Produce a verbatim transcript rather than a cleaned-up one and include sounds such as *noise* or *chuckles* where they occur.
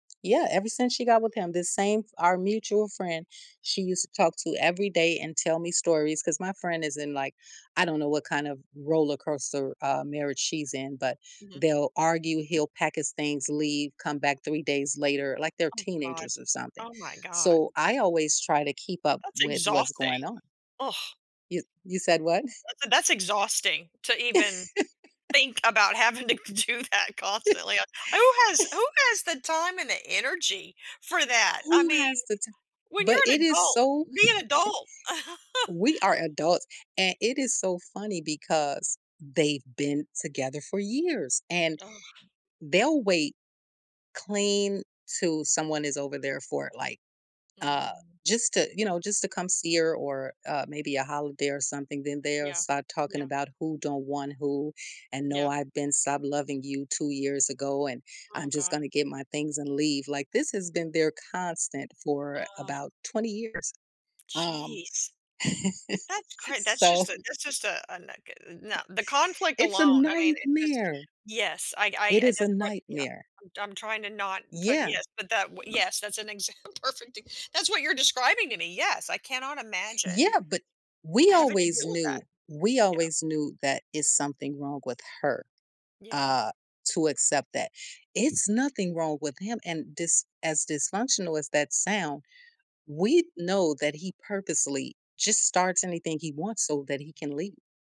Yeah, ever since she got with him, the same our mutual friend, she used to talk to every day and tell me stories- 'cause my friend is in, like, I don't know what kind of roller coaster, uh, marriage she's in- but Mhm. they'll argue, he'll pack his things, leave, come back three days later, like they're Oh god, teenagers or something, oh my god. so, I always try to keep up That's with what's going exhausting, on. ugh. You you said what? That's e that's exhausting to even think about having to do that constantly, uh, who has who *laughs* has the time and the energy for that, I Who mean, has the ti when you're but it an is, adult, so be an adult. *chuckles* *chuckles* we are adults, and it is so funny because they've been together for years and Ugh. they'll wait clean to someone is over there for it, like, uh, Mm. just to you know, just to come see her or, uh, maybe a holiday or something, then they'll Yeah, start talking yeah. about who don't want who and, "No, Yeah. I've been stopped loving you two years ago and I'm Oh just god. gonna get my things and leave," like, this has been their constant for Uh. about twenty years, um, Jeez, that's cra *chuckles* that's so just a *chuckles* that's just a a no c uh, no, *chuckles* the conflict It's a alone, I mean, it's just nightmare. Yes, I I It is a that's what yeah, nightmare. I'm I'm trying to not put Yeah. yes, but that yes, that's an examp perfect e that's what you're describing to me, yes, I cannot imagine Yeah, but we having to always deal with that. knew we Yeah. always knew that it's something wrong with her, Yeah. uh, to accept that; it's nothing wrong with him and dys as dysfunctional as that sound, we know that he purposely just starts anything he wants so that he can leave.